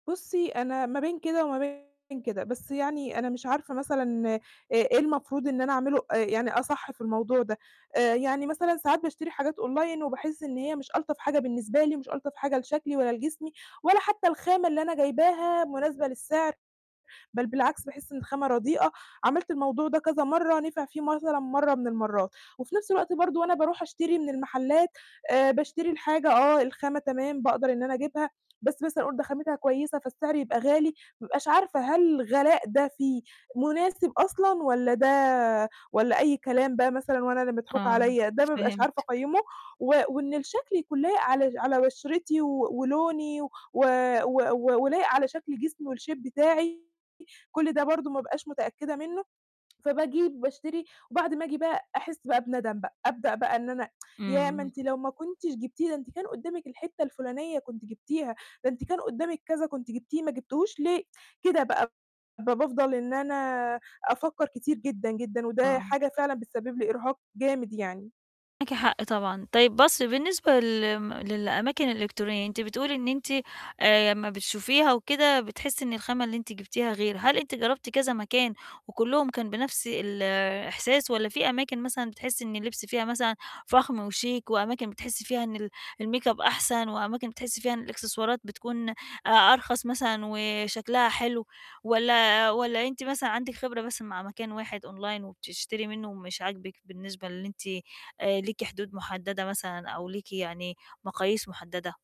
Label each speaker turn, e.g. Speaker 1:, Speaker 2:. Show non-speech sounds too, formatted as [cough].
Speaker 1: بُصي، أنا ما بين كده وما بين كده، بس يعني أنا مش عارفة مثلًا إ إيه المفروض إن أنا أعملُه، آآ، يعني أصح في الموضوع ده، آآ إيه يعني مثلًا ساعات باشتري حاجات Online وباحِس إن هي مش ألطف حاجة بالنسبة لي، ومش ألطف حاجة لشكلي ولا لجسمي، ولا حتى الخامة اللي أنا جايباها مُناسبة للسِعر، بل بالعكس باحِس إن الخامة رديئة، عملت الموضوع ده كذا مَرّة، نفِع فيه مثلًا مَرّة من المَرّات. وفي نَفس الوقت برضه وأنا باروح أشتري من المحلات آآ، باشتري الحاجة آه، الخامة تمام باقدر إن أنا أجيبها، بس مثلًا أقول ده خامتها كويسة، فالسعر يبقى غالي، بابقاش عارفة هل الغلاء ده فيه مُناسب أصلًا، والّا ده والّا أي كلام بقى مثلًا، وأنا اللي مضحوك
Speaker 2: آه،
Speaker 1: عليّا، ده بابقاش عارفة
Speaker 2: فهمتِك.
Speaker 1: أقيّمُه، و وإن الشكل يكون لايق على على بشرتي و ولوني، و و و ولايق على شكل جسمي، والShape بتاعي، كُلّ ده برضه ما بابقاش متأكدة مِنّه، فباجي باشتري وبعد ما آجي بقى أحِسّ بقى بندم بقى، أبدأ بقى إن أنا [tsk] ياه! ما
Speaker 2: امم.
Speaker 1: أنتِ لو ما كنتيش جبتيه، ده أنتِ كان قُدامك الحِتّة الفُلانية كنتِ جِبتيها، ده أنتِ كان قُدامك كذا كنتِ جبتيه ما جبتيهوش ليه، كده بقى ب بافضل إن أنا أفكر كتير جدًا، جدًا، وده
Speaker 2: آه.
Speaker 1: حاجة فعلًا بتسبب لي إرهاق جامد يعني.
Speaker 2: معاكِ حق طبعًا، طيب بُصي بالنسبة لم للأماكن الإلكترونية، أنتِ بتقولي إن أنتِ آآ، امّا بتشوفيها وكده، بتحسي إن الخامة اللي أنت جبتيها غير، هل أنتِ جربتِ كذا مكان، وكُلّهم كان بنَفس الإحساس، والّا في أماكن مثلًا بتحسي إن اللبس فيها مثلًا فخم وشيك، وأماكن بتحسي فيها إن ال الMake-up أحسن، وأماكن بتحسي فيها إن الإكسسوارات بتكون أ أرخص مثلًا وشكلها حلو؟ والّا والّا أنتِ مثلًا عندِك خبرة بس مع مكان واحد Online وبتشتري مِنُّه ومش عاجبِك، بالنسبة للي أنتِ آآ، ليكِ حدود مُحددة مثلًا، أو ليكِ يعني مقاييس مُحددة؟